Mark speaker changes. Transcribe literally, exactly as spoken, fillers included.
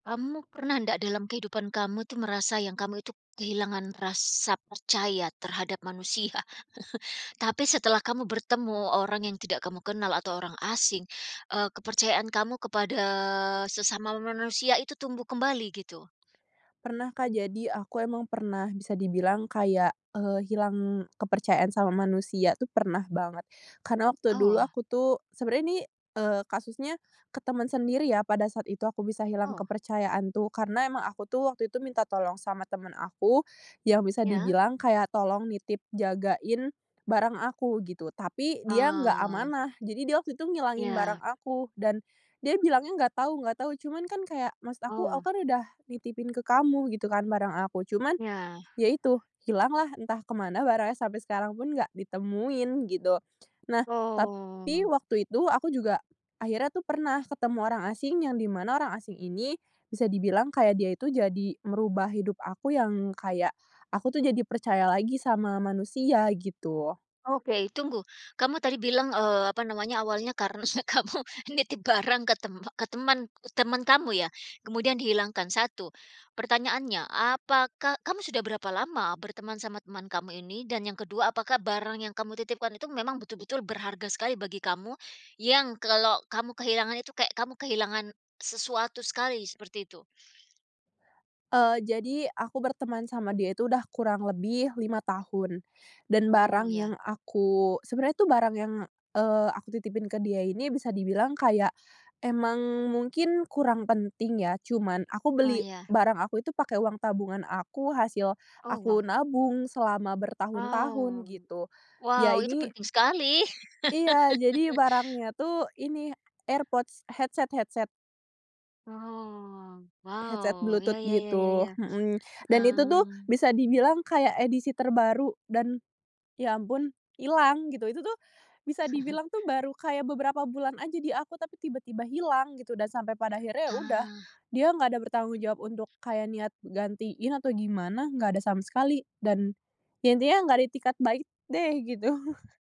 Speaker 1: Kamu pernah ndak dalam kehidupan kamu tuh merasa yang kamu itu kehilangan rasa percaya terhadap manusia? Tapi setelah kamu bertemu orang yang tidak kamu kenal atau orang asing, eee, kepercayaan kamu kepada sesama manusia itu tumbuh kembali gitu.
Speaker 2: Pernah, Kak, jadi aku emang pernah bisa dibilang kayak, eee, hilang kepercayaan sama manusia tuh pernah banget. Karena waktu
Speaker 1: Aw,
Speaker 2: dulu
Speaker 1: wah.
Speaker 2: aku tuh sebenernya ini, eee, kasusnya ke temen sendiri ya, pada saat itu aku bisa hilang
Speaker 1: Oh.
Speaker 2: kepercayaan tuh, karena emang aku tuh waktu itu minta tolong sama temen aku, yang bisa
Speaker 1: Iya.
Speaker 2: dibilang kayak tolong nitip, jagain barang aku, gitu. Tapi, dia nggak
Speaker 1: Ah.
Speaker 2: amanah. Jadi dia waktu itu ngilangin
Speaker 1: Iya.
Speaker 2: barang aku, dan dia bilangnya "nggak tahu nggak tahu". Cuman kan kayak, maksud aku, "Aku
Speaker 1: Oh.
Speaker 2: kan udah nitipin ke kamu," gitu kan, "barang aku." Cuman,
Speaker 1: Iya.
Speaker 2: ya itu, hilanglah entah kemana barangnya, sampai sekarang pun nggak ditemuin, gitu. Nah, tapi
Speaker 1: Oh.
Speaker 2: waktu itu aku juga, akhirnya tuh pernah ketemu orang asing yang dimana orang asing ini, bisa dibilang kayak dia itu jadi merubah hidup aku yang kayak aku tuh jadi percaya lagi sama manusia, gitu.
Speaker 1: Oke, tunggu! Kamu tadi bilang, eee, apa namanya, awalnya karena kamu nitip barang ke teme ke temen temen kamu ya. Kemudian dihilangkan. satu pertanyaannya, apakah kamu sudah berapa lama berteman sama teman kamu ini? Dan yang kedua, apakah barang yang kamu titipkan itu memang betul-betul berharga sekali bagi kamu, yang kalau kamu kehilangan itu kayak kamu kehilangan sesuatu sekali seperti itu?
Speaker 2: Eee, jadi, aku berteman sama dia itu udah kurang lebih lima tahun. Dan
Speaker 1: Oh,
Speaker 2: barang
Speaker 1: ya.
Speaker 2: yang aku sebenernya itu barang yang, eee, aku titipin ke dia ini bisa dibilang kayak, emang mungkin kurang penting ya. Cuman, aku
Speaker 1: Oh,
Speaker 2: beli
Speaker 1: ya.
Speaker 2: barang aku itu pakai uang tabungan aku, hasil
Speaker 1: Oh, wah.
Speaker 2: aku nabung selama bertahun-tahun
Speaker 1: Wow.
Speaker 2: gitu. Ya
Speaker 1: Wow, itu
Speaker 2: ini
Speaker 1: penting sekali.
Speaker 2: Iya, jadi barangnya tuh ini, AirPods, headset headset.
Speaker 1: Oh,
Speaker 2: Headset
Speaker 1: wow. Ya
Speaker 2: Bluetooth
Speaker 1: ya ya-ya
Speaker 2: gitu,
Speaker 1: ya,
Speaker 2: mhm. Dan itu tuh,
Speaker 1: hmm.
Speaker 2: bisa dibilang kayak edisi terbaru dan ya ampun, ilang gitu. Itu tuh, bisa dibilang tuh baru kayak beberapa bulan aja di aku, tapi tiba-tiba hilang gitu dan sampai pada akhirnya ya udah,
Speaker 1: Ah.
Speaker 2: dia nggak ada bertanggung jawab untuk kayak niat gantiin atau gimana, nggak ada sama sekali. Dan, ya intinya nggak ada itikat baik deh, gitu.